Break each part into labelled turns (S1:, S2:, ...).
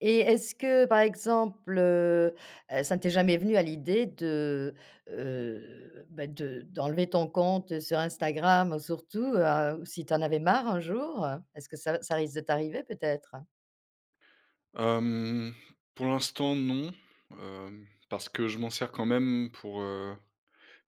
S1: Et est-ce que, par exemple, heu, ça ne t'est jamais venu à l'idée de, heu, bah, de d'enlever ton compte sur Instagram, surtout, heu, si tu en avais marre un jour? Est-ce que ça v ça risque de t'arriver peut-être?
S2: Hem, pour l'instant non, heu, parce que je m'en sers quand même pour, heu,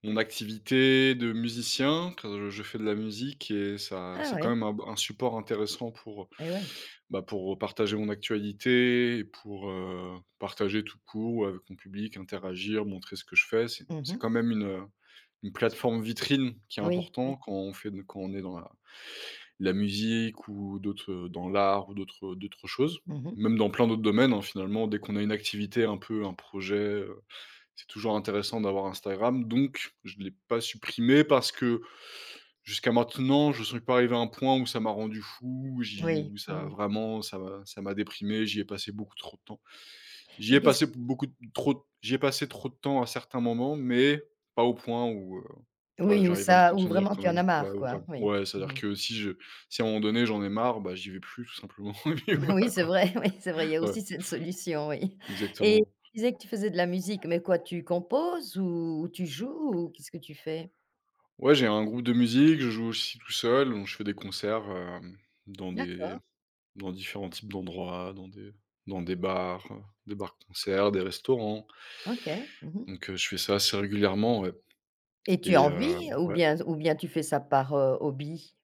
S2: mon activité de musicien, car je fais de la musique et ça
S1: Ah
S2: c'est quand
S1: ouais.
S2: même un b un support intéressant pour,
S1: Eh ouais.
S2: bah, pour partager mon actualité, pour, heu, partager tout court, ou avec mon public, interagir, montrer ce que je fais, c'est
S1: Mmh
S2: c'est
S1: mh.
S2: quand même une, heu, une plateforme vitrine qui est
S1: Oui,
S2: important
S1: oui.
S2: quand on fait de quand on est dans la la musique ou d'autres, heu, dans l'art ou d'autres, heu, d'autres choses.
S1: Mmh mh.
S2: Même dans plein d'autres domaines, hein, finalement dès qu'on a une activité un peu, un projet, heu, c'est toujours intéressant d'avoir Instagram, donc je l'ai pas supprimé parce que jusqu'à maintenant, j'en suis pas arrivé à un point où ça m'a rendu fou, j'y
S1: Oui.
S2: où ça
S1: Mmh
S2: a
S1: mh.
S2: vraiment ça m'a ça m'a déprimé, j'y ai passé beaucoup trop de temps. J'y
S1: Et
S2: ai
S1: qu'est-ce
S2: passé beaucoup trop j'y ai passé trop de temps à certains moments, mais pas au point où, heu voilà,
S1: Oui, ou
S2: j'arrive à me
S1: ça ou
S2: contenir
S1: vraiment
S2: quand
S1: tu en
S2: même,
S1: as
S2: ouais,
S1: marre, quoi,
S2: vraiment
S1: oui.
S2: ouais,
S1: Mmh
S2: c'est-à-dire
S1: mh.
S2: que si je si à un moment donné j'en ai marre, bah, j'y vais plus, tout simplement, et puis
S1: Oui,
S2: voilà,
S1: c'est
S2: quoi.
S1: vrai, oui, c'est vrai, il y a
S2: Ouais.
S1: aussi cette solution, oui. Et
S2: Exactement.
S1: tu disais que tu faisais de la musique, mais quoi, tu composes? Ou tu joues? Ou qu'est-ce que tu fais?
S2: Ouais, j'ai un groupe de musique, je joue aussi tout seul, donc je fais des concerts, hem, dans des
S1: D'accord.
S2: dans différents types d'endroits, dans des dans des bars, des bars-concerts, des restaurants.
S1: OK. Mmh mh.
S2: Donc, heu, je fais ça assez régulièrement, ouais.
S1: Et tu
S2: Et
S1: en
S2: heu
S1: vis ou
S2: ouais?
S1: bien ou bien tu fais ça par, heu, hobby?